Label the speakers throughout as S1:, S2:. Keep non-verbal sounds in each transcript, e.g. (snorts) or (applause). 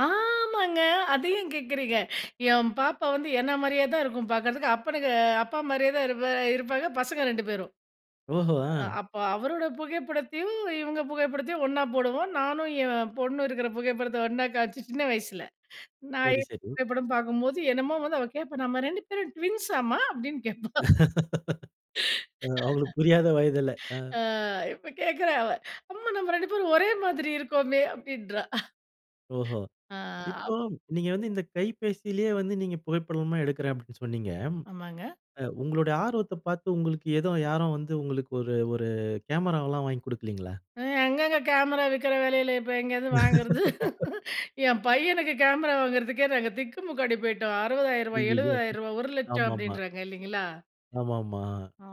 S1: ஆமாங்க அத ஏன் கேட்குறீங்க. என் பாப்பா வந்து என்ன மாரியே தான் இருக்கும் பார்க்கறதுக்கு. அப்பனுக்கு அப்பா மாரியே தான் இருப்ப இருப்பாங்க. பசங்க 2 பேரும்.
S2: ஓஹோ! அ.
S1: அப்ப அவரோட புகைப்படத்தையும், இவுங்க புகைப்படத்தையும் ஒன்னா போடுவோம். நானும் என் பொண்ணும் இருக்கிற புகைப்படத்தை ஒன்னா காம்ச்சு, சின்ன வயசுல. நான்
S2: சரி,
S1: எடுத்த
S2: சரி.
S1: புகைப்படம் பார்க்கும்போது, என்னமோ வந்து அவ கேப்பா. "நம்ம 2 பேரும் ட்வின்ஸ்ஸாமா?" அப்டின்னு கேப்பா. (chuckles)
S2: (laughs) அ
S1: (laughs)
S2: அவுங்களுக்கு புரியாத வயதில, ஆ.
S1: ஆ இப்ப கேக்றா அவ. "அம்மா நம்ம 2 பேரும் ஒரே மாதிரி இருக்கோமே?" அப்டின்றா. (snorts)
S2: ஓஹோ!
S1: ஆ.
S2: இப்போ நீங்க வந்து இந்த கைபேசியிலயே வந்து நீங்க புகைப்படமா எடுக்கிறேன் அப்டின்னு சொன்னீங்க.
S1: ஆமாங்க.
S2: அ உங்களுடைய ஆர்வத்த பார்த்து, உங்களுக்கு ஏதோ யாரும் வந்து, உங்களுக்கு ஒரு ஒரு கேமராவல்லாம் வாங்கிக் குடுக்கலைங்களா?
S1: அ எங்கங்க கேமரா விக்கிற வெலையில இப்ப எங்கேயிருந்து வாங்குறது?
S2: (laughs)
S1: (chuckles) என் பையனுக்கு கேமரா வாங்குறதுக்கே நாங்க திக்குமுக்காடி போய்ட்டோம். ₹60,000
S2: அய்யயோ!
S1: ₹700,000 ₹1,00,000
S2: ஆமாமா.
S1: அப்டின்றாங்க இல்லைங்களா?
S2: ஆமாமா.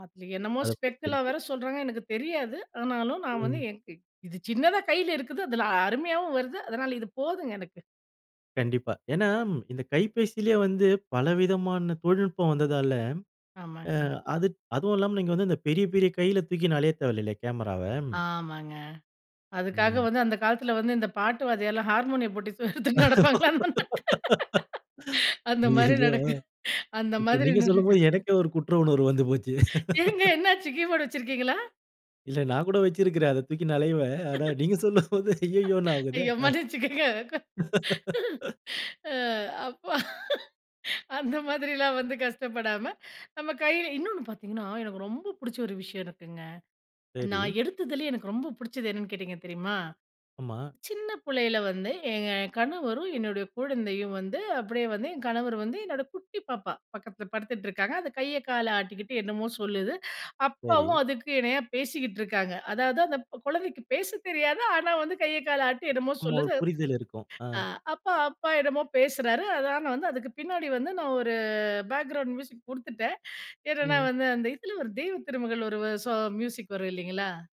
S1: அதுல என்னமோ
S2: அத
S1: ஸ்பெக்குல்லா
S2: (unintelligible)
S1: வேற சொல்றாங்க. எனக்கு தெரியாது. ஆனாலும், நான் வந்து
S2: ம்.
S1: (unintelligible) இது சின்னதா கையில இருக்குது. அதில அருமையாகவும் வருது. அதனால இது போதுங்க எனக்கு.
S2: கண்டிப்பா. ஏன்னா, இந்த கைபேசியிலயே வந்து பலவிதமான தொழில்நுட்பம் வந்ததால, ஆ
S1: ஆமாங்க.
S2: அது அதுவும் இல்லாம, நீங்க வந்து இந்த பெரிய பெரிய கையில தூக்கின்னு அலைய தேவையில்லைல கேமராவ.
S1: ஆமாங்க. அதுக்காக
S2: ம்.
S1: வந்து அந்த காலத்தில வந்து இந்த பாட்டு வாத்தியார்லாம், ஹார்மோனியம் பொட்டி எடுத்துட்டு நடப்பாங்கள்ல
S2: (laughs)
S1: அந்த மாரி
S2: அய்யயோ! அ
S1: நடக்குது அந்த
S2: இப்ப
S1: மாரி
S2: நீங்க
S1: நடக்குது.
S2: சொல்லும்போது எனக்கே ஒரு குற்ற உணர்வு வந்து போச்சு.
S1: ஏங்க,
S2: (laughs)
S1: என்ன ஆச்சு? கீபோர்ட் வச்சிருக்கீங்களா?
S2: இல்ல, நான் கூட வச்சிருக்கிறேன். அத தூக்கின்னு அலைவேன். ஆனா,
S1: (laughs)
S2: நீங்க சொல்லும்போது, "அய்யய்யோன்னு"
S1: (chuckles) ஐயோ
S2: ஆகுதே.ஆ
S1: மன்னிச்சுக்கங்க.
S2: (laughs)
S1: (laughs) அ அப்பா. (chuckles) அந்த மாதிரிலாம் வந்து கஷ்டப்படாம நம்ம கையில இன்னொன்னு பார்த்திங்கன்னா, எனக்கு ரொம்ப பிடிச்ச ஒரு விஷயம் இருக்குங்க.
S2: சரி.
S1: நான் எடுத்ததுலயே எனக்கு ரொம்ப பிடிச்சது என்னன்னு கேட்டிங்க தெரியுமா?
S2: ஆமா.
S1: சின்ன புள்ளையில வந்து, எங்க கணவரும் என்னுடைய குழந்தையும் வந்து, அப்டியே வந்து என் கணவர் வந்து என்னோட குட்டி பாப்பா பக்கத்தில படுத்துட்டு இருக்காங்க. அந்த கைய, காலை ஆட்டிக்கிட்டு என்னமோ சொல்லுது. அப்பாவும்
S2: சரி.
S1: அதுக்கு இணையா பேசிக்கிட்டு இருக்காங்க. அதாவது, அந்த கொழந்தைக்கு பேசத் தெரியாது. ஆனா, வந்து கைய, கால ஆட்டி என்னமோ
S2: ஆமா, ஒரு
S1: சொல்லுது.
S2: புரிதல் இருக்கும். ஆ.
S1: ஆ அப்பா அப்பா என்னமோ பேசுறாரு. அதான் நான் வந்து அதுக்கு பின்னாடி வந்து நான் ஒரு பேக்கிரவுண்ட் மியூசிக் குடுத்துட்டேன். என்னன்னா
S2: ம்.
S1: வந்து அந்த இதில ஒரு தெய்வ திருமகள் ஒரு ஸா மியூசிக் வரும், இல்லைங்களா?